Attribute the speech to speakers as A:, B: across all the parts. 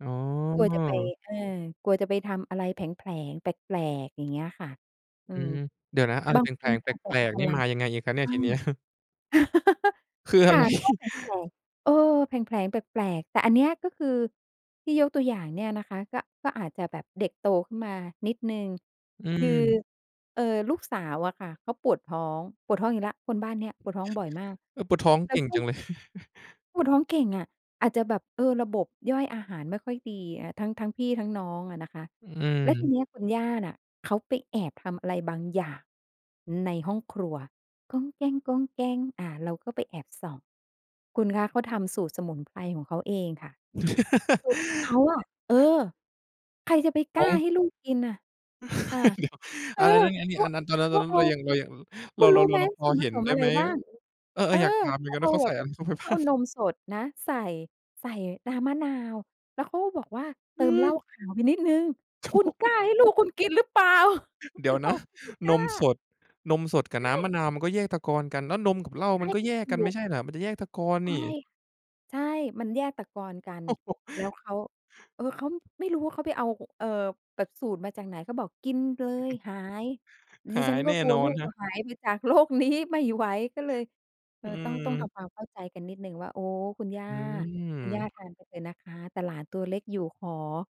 A: อ๋อ
B: กลัวจะไป อา กลัวจะไปทำอะไรแผลง ๆ แปลก ๆ อย่างเงี้ยค่ะ อื
A: อื
B: ม
A: ม เดี๋ยวนะ อะไร
B: บา
A: แ
B: งค
A: ผล
B: น
A: ง ๆ แป
B: อาจจะปล
A: ล
B: ด
A: ก
B: พ
A: ๆ นี่
B: ลั
A: ม
B: ง
A: ายังไงอีกครับเน
B: ใ
A: ี
B: ช
A: ่ย
B: ่
A: ทีเนี้ย? คือ
B: ค
A: อะ
B: ่ะ
A: ไร?
B: ก็แผลง ๆ เออ แผลงๆ แปลก ๆ แต่อันเนี้ยก็คือ ที่ยกตัวอย่างเนี่ยนะคะ ก็ ก็อาจจะแบบเด็กโตขึ้นมานิดหนึ่ง
A: อื
B: คือ
A: ม
B: เอ่อ ลูกสาวอะค่ะ เขาปวดท้อง ปวดท้องอีกแล้ว คนบ้านเนี้ยปวดท้องบ่อยมาก
A: เออ ปวดท้อง
B: แล้
A: เก
B: ว
A: ่ง
B: ก็
A: จังเลย
B: ปวดท้องเก่งอะ อาจจะแบบ เออ ระบบย่อยอาหารไม่ค่อยดีอะ ทั้ง ทั้งพี่ทั้งน้องอะนะคะ
A: อ
B: แล้วที
A: ืม
B: เนี้ยคุณย่าน่ะเขาไปแอบทำอะไรบางอย่างในห้องครัว อา เราก็ไปแอบส่อง คุณคะเขาทำสูตรสมุนไพรของเขาเองค่ะ สูตรของเขาอะ เออ ใครจะไปก
A: อ๋
B: ล้
A: อ
B: า
A: ง
B: ให้ลูกกินอะ ค่ะ
A: เดี๋ยว
B: เอ
A: อ้
B: อ
A: าว แล้วนี่อันนี้
B: ก็
A: อันนั้น ตอนนั้
B: ก
A: น ตอ
B: ็
A: นนั้
B: เ
A: น
B: อ
A: เ
B: า
A: รายัง เรายัง อ เ
B: ค
A: ร
B: ุ
A: า
B: ณ
A: เร
B: รู
A: า
B: ้
A: เร
B: ไ
A: า
B: หม
A: เราพ
B: ส
A: อ
B: ่วน
A: เ
B: ผ
A: ห็น
B: สม
A: ได้
B: อะไ
A: ไ
B: ร
A: หม
B: บ้าง
A: เออ
B: เออ
A: ๆ อยากถามเหม
B: เ
A: ื
B: ข
A: อน
B: า
A: กัน
B: เอ
A: ว่า
B: า
A: เขา
B: แ
A: ใ
B: บ
A: ส่
B: บ
A: อะไรเข้าไป
B: เข
A: บ้
B: าเ
A: า
B: อา
A: ง?
B: นมสดนะใส่ ใส่น้ำมะนาว แล้วเขาก็บอกว่า "เติมเหล้
A: หือ
B: าขาวไปนิดหนึ่ง"
A: โธ
B: ค
A: ่
B: ุณกล้าให้ลูกคุณกินหรือเปล่า?
A: เดี๋ยว
B: เร
A: น
B: า
A: ะ
B: ก็ไม่ก
A: น
B: ล้
A: มส
B: า
A: ด นมสดกั
B: ใ
A: บ
B: ช
A: น้ำมะ
B: ่
A: นาว มันก็แยกตะกอนกัน แล้วนมกับเหล้า
B: ใช
A: มั
B: ่
A: นก็แยก
B: ถ
A: ก
B: ู
A: ันไม่
B: ก
A: ใช่เหรอ? มันจะแยกตะกอน
B: ใช
A: น
B: ่
A: ี่
B: ค่ะ ใช่ มันแยกตะกอนกัน
A: โอ้โฮ
B: แล้วเขา เออ เขา ไม่รู้ว่าเขาไปเอา ห เอ่อ แบบสูตรมาจากไหน เขาบอก "กินเล
A: อือ
B: ย
A: ฮึ
B: หาย"
A: ห
B: ดิ
A: า
B: ฉัน
A: ย
B: ก
A: แ
B: ็
A: น่
B: กลั
A: น
B: ว
A: อ
B: ลู
A: น
B: ก
A: ครั
B: จะ
A: บ
B: หายไปจาก โลกนี้ ไม่ไหว ก็เลย เอ
A: อื
B: อ ต้อง ต้องท
A: ม
B: ำความเข้าใจกันนิดหนึ่งว่า "โอ้ คุณย่า
A: อ
B: คุณย่า
A: ืม
B: ทานไปเลยนะคะ แต่หลานตัวเล็กอยู่ ขอ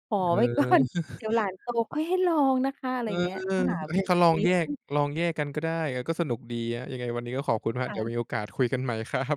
B: ขอ
A: เอ
B: ไว้ ก่อน
A: อ
B: เดี๋ยวหลานโตค่อยให้ลองนะคะ" อะไ
A: เ
B: ร
A: ออ
B: อย่างเงี้ย ก็หา
A: ใ
B: ว
A: ห
B: ิ
A: ้เข
B: ธ
A: า
B: ี
A: ลองแย
B: อ
A: ก
B: ือ
A: ลองแยกกันก็ได้ เออ ก็สนุกดีครับ ยังไงวันนี้ก็ขอบคุณครับ
B: ค่
A: เดี๋ยว
B: ะ
A: มีโอกาสคุยกันใหม่ ครับ